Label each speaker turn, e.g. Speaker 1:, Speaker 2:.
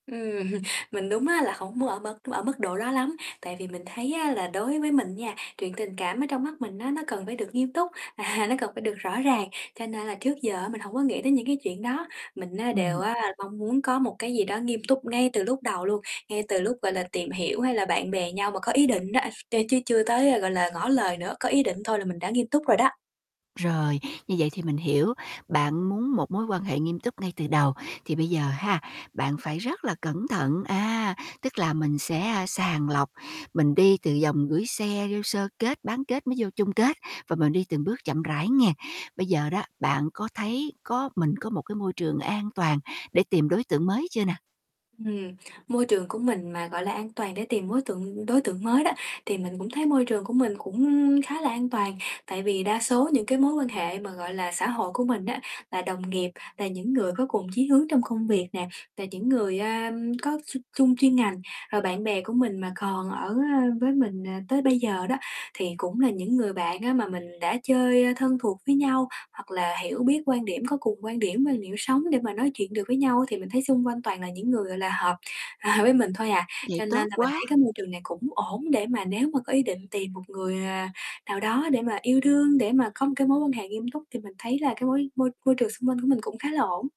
Speaker 1: Ừm, mình đúng á là hổng muốn ở mức ở mức độ đó lắm, tại vì mình thấy á là đối với mình nha, chuyện tình cảm ở trong mắt mình á, nó cần phải được nghiêm túc, à, nó cần phải được rõ ràng, cho nên là trước giờ á mình hổng có nghĩ tới những cái chuyện đó. Mình á đều
Speaker 2: Ừm.
Speaker 1: á mong muốn có một cái gì đó nghiêm túc ngay từ lúc đầu luôn, ngay từ lúc, gọi là, tìm hiểu, hay là bạn bè nhau mà có ý định đó, t chứ chưa tới, gọi là, ngỏ lời nữa, có ý định thôi là mình đã nghiêm túc rồi đó.
Speaker 2: Rồi như vậy thì mình hiểu. Bạn muốn một mối quan hệ nghiêm túc ngay từ đầu, thì bây giờ ha, bạn phải rất là cẩn thận, à, tức là mình sẽ sàng lọc, mình đi từ vòng gửi xe, vô sơ kết, bán kết, mới vô chung kết và mình đi từng bước chậm rãi nghe. Bây giờ đó, bạn có thấy có mình có một cái môi trường an toàn để tìm đối tượng mới chưa nè?
Speaker 1: Ừm. Môi trường của mình mà, gọi là, an toàn để tìm mối tượng đối tượng mới đó, thì mình cũng thấy môi trường của mình cũng khá là an toàn, tại vì đa số những cái mối quan hệ mà, gọi là, xã hội của mình á là đồng nghiệp, là những người có cùng chí hướng trong công việc nè, là những người, a, có x chung chuyên ngành. Rồi bạn bè của mình mà còn ở, ơ, với mình, à, tới bây giờ đó, thì cũng là những người bạn á mà mình đã chơi thân thuộc với nhau, hoặc là hiểu biết quan điểm, có cùng quan điểm quan điểm sống để mà nói chuyện được với nhau á, thì mình thấy xung quanh toàn là những người, gọi là, hợp, à, với mình thôi à.
Speaker 2: Vậy
Speaker 1: Cho
Speaker 2: tốt
Speaker 1: nên là mình thấy
Speaker 2: quá!
Speaker 1: cái môi trường này cũng ổn để mà nếu mà có ý định tìm một người, à, nào đó để mà yêu thương, để mà có một cái mối quan hệ nghiêm túc thì mình thấy là cái mối môi môi trường xung quanh của mình cũng khá là ổn.